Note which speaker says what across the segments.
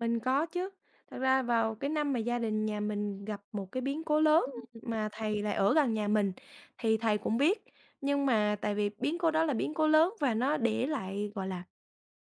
Speaker 1: Mình có chứ, thật ra vào cái năm mà gia đình nhà mình gặp một cái biến cố lớn
Speaker 2: Ừm.
Speaker 1: mà thầy lại ở gần nhà mình thì thầy cũng biết. Nhưng mà tại vì biến cố đó là biến cố lớn và nó để lại, gọi là,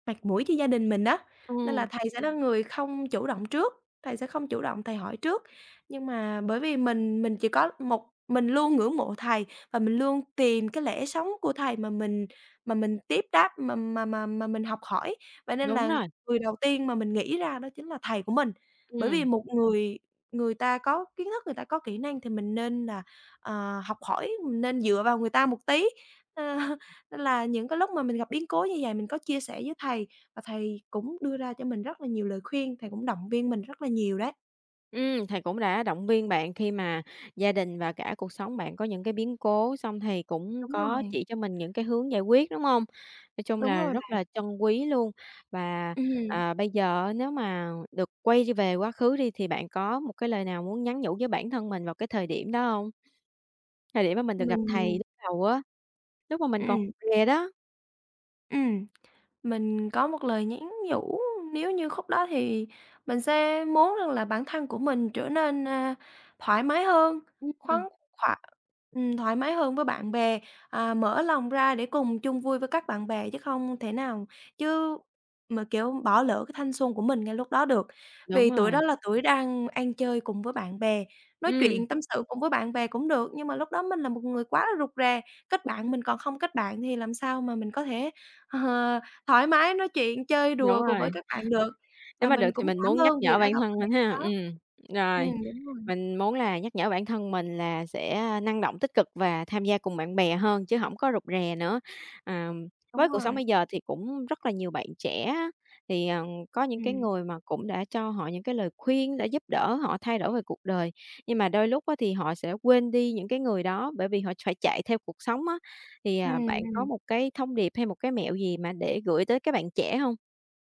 Speaker 1: mặt mũi cho gia đình mình á, nên là
Speaker 2: Ừm.
Speaker 1: thầy sẽ là người không chủ động trước, thầy sẽ không chủ động thầy hỏi trước. Nhưng mà bởi vì mình mình chỉ có một mình luôn ngưỡng mộ thầy và mình luôn tìm cái lẽ sống của thầy mà mình mà mình tiếp đáp, mà mà mà mà mình học hỏi, vậy nên
Speaker 2: Đúng
Speaker 1: là
Speaker 2: rồi.
Speaker 1: người đầu tiên mà mình nghĩ ra đó chính là thầy của mình. Bởi vì
Speaker 2: Ừm.
Speaker 1: một người người ta có kiến thức, người ta có kỹ năng thì mình nên là, ờ, học hỏi, mình nên dựa vào người ta một tí, ơ, nên là những cái lúc mà mình gặp biến cố như vậy mình có chia sẻ với thầy và thầy cũng đưa ra cho mình rất là nhiều lời khuyên, thầy cũng động viên mình rất là nhiều đấy.
Speaker 2: Ừm, thầy cũng đã động viên bạn khi mà gia đình và cả cuộc sống bạn có những cái biến cố, xong thầy cũng
Speaker 1: Đúng
Speaker 2: có
Speaker 1: rồi.
Speaker 2: chỉ cho mình những cái hướng giải quyết, đúng hông? Nói chung
Speaker 1: Đúng
Speaker 2: là
Speaker 1: rồi
Speaker 2: rất
Speaker 1: bạn.
Speaker 2: là trân quý luôn. Và,
Speaker 1: Ừm.
Speaker 2: ờ, bây giờ á nếu mà được quay đi về quá khứ đi thì bạn có một cái lời nào muốn nhắn nhủ với bản thân mình vào cái thời điểm đó hông? Thời điểm mà mình được gặp thầy
Speaker 1: Mình
Speaker 2: lúc đầu á, lúc mà mình còn
Speaker 1: Ừm.
Speaker 2: rè đó.
Speaker 1: Ừm, mình có một lời nhắn nhủ nếu như khúc đó thì mình sẽ muốn rằng là bản thân của mình trở nên, ơ, thoải mái hơn,
Speaker 2: Ừm.
Speaker 1: khoáng khỏa ừm, thoải mái hơn với bạn bè. À, mở lòng ra để cùng chung vui với các bạn bè chứ không thể nào chứ mà, kiểu, bỏ lỡ cái thanh xuân của mình ngay lúc đó được.
Speaker 2: Đúng
Speaker 1: Vì tuổi
Speaker 2: rồi.
Speaker 1: đó là tuổi đang ăn chơi cùng với bạn bè, nói
Speaker 2: Ừm.
Speaker 1: chuyện tâm sự cùng với bạn bè cũng được, nhưng mà lúc đó mình là một người quá là rụt rè. Kết bạn mình còn không kết bạn thì làm sao mà mình có thể, ờ, thoải mái nói chuyện chơi
Speaker 2: Đúng
Speaker 1: đùa cùng
Speaker 2: rồi.
Speaker 1: với các bạn được.
Speaker 2: Nếu
Speaker 1: Và
Speaker 2: mà được
Speaker 1: mình
Speaker 2: thì
Speaker 1: cũng
Speaker 2: mình
Speaker 1: cảm
Speaker 2: muốn nhắc
Speaker 1: ơn vì
Speaker 2: nhở
Speaker 1: đã
Speaker 2: bản
Speaker 1: gặp
Speaker 2: thân
Speaker 1: thầy
Speaker 2: mình
Speaker 1: lúc
Speaker 2: ha.
Speaker 1: đó.
Speaker 2: Ừm, rồi,
Speaker 1: Ừm, đúng rồi.
Speaker 2: mình muốn là nhắc nhở bản thân mình là sẽ, a, năng động, tích cực và tham gia cùng bạn bè hơn chứ hổng có rụt rè nữa. Ờm,
Speaker 1: Đúng
Speaker 2: với cuộc sống
Speaker 1: rồi.
Speaker 2: bây giờ thì cũng rất là nhiều bạn trẻ á, thì, ờ, có những cái
Speaker 1: Ừm.
Speaker 2: người mà cũng đã cho họ những cái lời khuyên để giúp đỡ họ thay đổi về cuộc đời, nhưng mà đôi lúc á thì họ sẽ quên đi những cái người đó bởi vì họ phải chạy theo cuộc sống á. Thì, à,
Speaker 1: Ừm,
Speaker 2: bạn có
Speaker 1: ừm.
Speaker 2: một cái thông điệp hay một cái mẹo gì mà để gửi tới các bạn trẻ hông?